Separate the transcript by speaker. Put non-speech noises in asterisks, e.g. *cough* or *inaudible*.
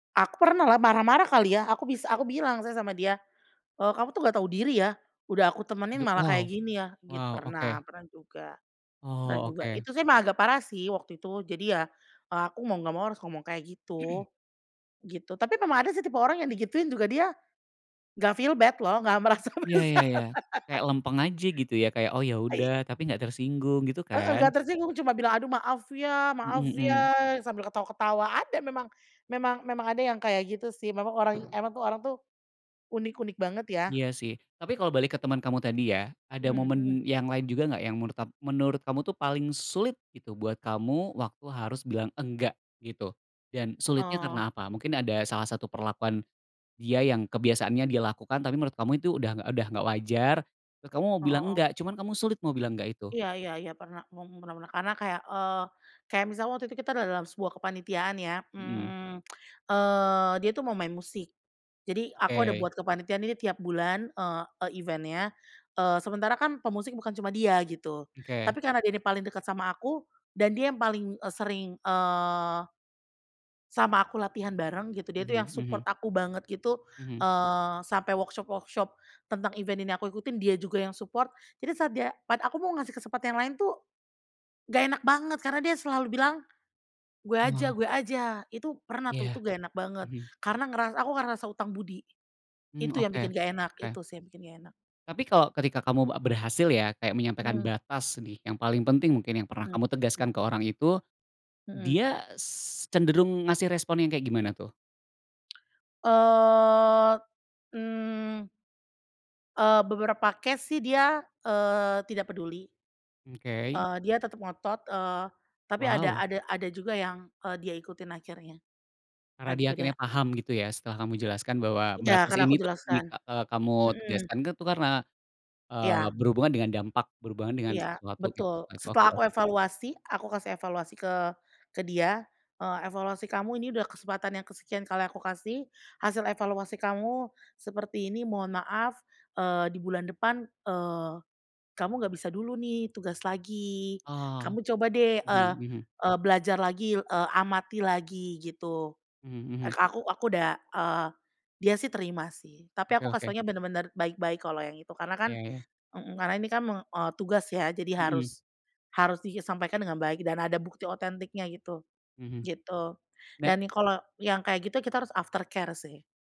Speaker 1: Aku pernahlah, marah-marah kali ya, aku bis aku bilang sih sama dia, "Eee, kamu tuh nggak tau diri ya, udah aku temenin
Speaker 2: Aduh,
Speaker 1: malah
Speaker 2: wow
Speaker 1: kayak gini ya," git
Speaker 2: wow,
Speaker 1: pernah
Speaker 2: oke.
Speaker 1: pernah juga pernah
Speaker 2: Oh,
Speaker 1: juga.
Speaker 2: oke.
Speaker 1: Itu sih emang agak parah sih waktu itu jadi ya, eee, aku mau nggak mau harus ngomong kayak gitu.
Speaker 2: *clears throat*
Speaker 1: Gitu, tapi memang ada sih tipe orang yang digituin juga dia nggak feel bad loh, nggak merasa
Speaker 2: Iya
Speaker 1: bersalah.
Speaker 2: iya iya, kayak
Speaker 1: *laughs*
Speaker 2: lempeng aja gitu ya, kayak, "Oh, ya udah,"
Speaker 1: I
Speaker 2: tapi gak tersinggung gitu
Speaker 1: Heeh,
Speaker 2: kan?
Speaker 1: enggak tersinggung cuma bilang, "Aduh maaf ya maaf
Speaker 2: Mhm, mmm.
Speaker 1: ya," sambil ketawa-ketawa. Ada memang memang memang ada yang kayak gitu sih, memang orang emang tuh orang tuh unik-unik banget ya?
Speaker 2: Iya sih, tapi kalau balik ke temen kamu tadi ya ada
Speaker 1: Mmm, hmm.
Speaker 2: momen yang lain juga enggak yang menurut tap menurut kamu tuh paling sulit gitu buat kamu waktu harus bilang enggak gitu, dan sulitnya
Speaker 1: Oh.
Speaker 2: karena apa? Mungkin ada salah satu perlakuan dia yang kebiasaannya dia lakukan tapi menurut kamu itu udah udah enggak wajar, terus kamu mau
Speaker 1: O
Speaker 2: bilang,
Speaker 1: heeh.
Speaker 2: enggak cuman kamu sulit mau bilang enggak itu.
Speaker 1: Iya iya iya, pernah, mung pernah pernah. Karena kayak, eee, kayak misalnya waktu itu kita dalam sebuah kepanitiaan ya,
Speaker 2: Mhm.
Speaker 1: mmm, eee, dia tuh mau main musik. Jadi aku ada
Speaker 2: Oke.
Speaker 1: buat kepanitiaan ini tiap bulan, eee, e event-nya, eee, sementara kan pemusik bukan cuma dia gitu,
Speaker 2: Oke.
Speaker 1: tapi karena dia ini paling deket sama aku dan dia yang paling, eee, sering, eee sama aku latihan bareng gitu, dia tuh yang
Speaker 2: Mhm
Speaker 1: support
Speaker 2: mhm.
Speaker 1: aku banget gitu,
Speaker 2: Mhm.
Speaker 1: eee, sampai workshop-workshop tentang event ini aku ikutin dia juga yang support. Jadi saat dia pat aku mau ngasih kesempatan yang lain tuh, enggak enak banget karena dia selalu bilang, "Gue
Speaker 2: Oh.
Speaker 1: aja gue aja," itu pernah tuh, itu
Speaker 2: Iya,
Speaker 1: gak enak banget.
Speaker 2: mhm.
Speaker 1: Karena ngeras aku ngerasa hutang budi.
Speaker 2: Mmm,
Speaker 1: Itu yang
Speaker 2: oke
Speaker 1: bikin gak enak,
Speaker 2: oke.
Speaker 1: itu sih yang bikin gak enak.
Speaker 2: Tapi kalo ketika kamu, eee, berhasil ya kayak menyampaikan
Speaker 1: Mmm.
Speaker 2: batas nih yang paling penting mungkin yang pernah
Speaker 1: Mmm.
Speaker 2: kamu tegaskan ke orang itu,
Speaker 1: Mmm.
Speaker 2: dia s cenderung ngasih respon yang kayak gimana tuh?
Speaker 1: Eee, mmm Eee, beberapa case sih dia, eee, tidak peduli.
Speaker 2: Oke.
Speaker 1: Eee, dia tetep ngotot, eee, tapi ada
Speaker 2: Wow.
Speaker 1: ada ada juga yang, eee, dia ikutin akhirnya,
Speaker 2: Karena
Speaker 1: entar
Speaker 2: dia
Speaker 1: juga dia
Speaker 2: akhirnya
Speaker 1: ah.
Speaker 2: paham gitu ya, setelah kamu jelaskan bahwa
Speaker 1: Iya,
Speaker 2: batas
Speaker 1: kan
Speaker 2: ini
Speaker 1: aku
Speaker 2: tuh
Speaker 1: jelaskan,
Speaker 2: jika eee, kamu
Speaker 1: mhm.
Speaker 2: tegaskan tuh itu karena, eee,
Speaker 1: Iya.
Speaker 2: berhubungan dengan dampak, berhubungan dengan
Speaker 1: Iya,
Speaker 2: sesuatu gitu.
Speaker 1: betul,
Speaker 2: Setelah itu oke
Speaker 1: setelah aku
Speaker 2: oke.
Speaker 1: evaluasi, aku kasih evaluasi ke ke dia, "Eee, evaluasi kamu ini udah kesempatan yang kesekian kali aku kasih. Hasil evaluasi kamu seperti ini mohon maaf, eee, di bulan depan, eee, kamu nggak bisa dulu nih tugas lagi,
Speaker 2: Oh,
Speaker 1: kamu coba deh, eee
Speaker 2: mhm mhm.
Speaker 1: eee, belajar lagi, eee, amati lagi," gitu.
Speaker 2: Mmm,
Speaker 1: Eee,
Speaker 2: mhm.
Speaker 1: ke aku aku udah eee, dia sih terima sih, tapi
Speaker 2: Oke
Speaker 1: aku kasih
Speaker 2: oke.
Speaker 1: tahunya benar-benar baik-baik kalau yang itu, karena kan
Speaker 2: Oke.
Speaker 1: mhm, karena ini kan me eee, tugas ya, jadi
Speaker 2: Mmm.
Speaker 1: harus harus disampaikan dengan baik dan ada bukti otentiknya gitu,
Speaker 2: Mhm,
Speaker 1: gitu.
Speaker 2: nah
Speaker 1: Dan kalau yang kayak gitu kita harus after care sih.